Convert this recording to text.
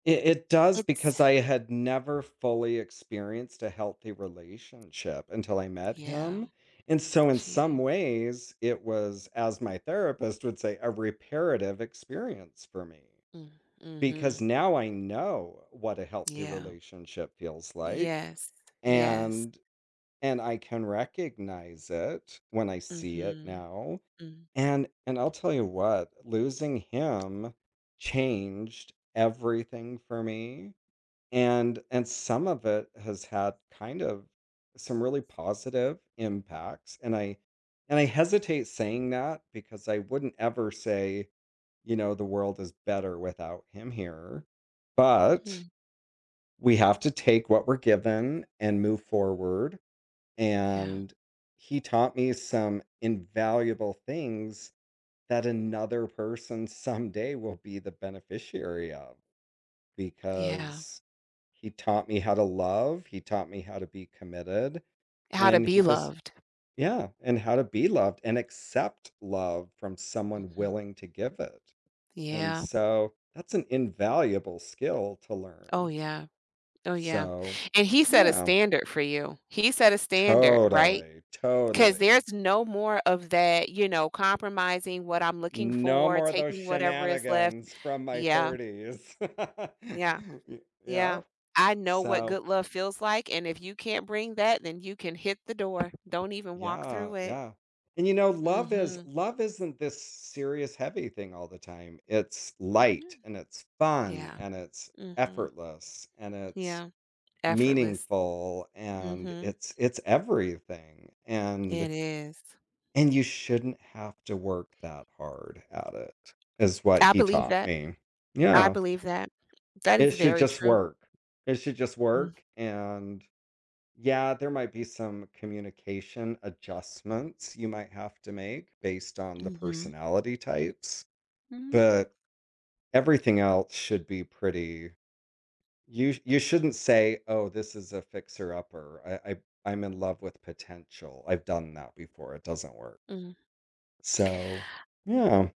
I it does It's because I had never fully experienced a healthy relationship until I met Yeah. him, and so in some Gee. ways, it was, as my therapist would say, "a reparative experience" for me. Mm, Because mhm. now I know what a healthy Yeah. relationship feels like, Yes, yes. and and I can recognize it when I see it Mhm. now. Mm. And and I'll tell you what, losing him changed everything for me, and and some of it has had kind of some really positive impacts, and I and I hesitate saying that because I wouldn't ever say, you know, "the world is better without him here," but Hmm. we have to take what we're given and move forward, Yeah. and he taught me some invaluable things that another person someday will be the beneficiary of, Yeah. because he taught me how to love, he taught me how to be committed, How to and he be just loved. Yeah, and how to be loved and accept love from someone Mhm. willing to give it, and Yeah. so that's an invaluable skill to Oh learn. yeah. Oh yeah. So, And he set a yeah. standard for you. He set a standard, right? Totally, 'Cause totally. there's no more of that, you know, compromising what I'm looking No for, more of those taking whatever is left, shenanigans from my yeah. 30s. Yeah, Y yeah, yeah, I know what so good love feels like and if you can't bring that, then you can hit the door. Don't even walk Yeah, through it. yeah. And you know, love is Mhm. love isn't this serious heavy thing all the time. It's Yeah. light, and it's fun, Yeah. and it's Mhm. effortless, and it's Yeah. Effortless. meaningful, and Mhm. it's it's everything, and It is. and you shouldn't have to work that hard at it, is what I he believe taught that. me. I Yeah. believe that. That It is should very just true. work. It should just Mm. work, and yeah, there might be some communication adjustments you might have to make based on the Mhm. personality types, Mhm. but everything else should be pretty You you shouldn't say, "Oh, this is a fixer-upper, I I I'm in love with potential." I've done that before. It doesn't work. Mm. So, yeah.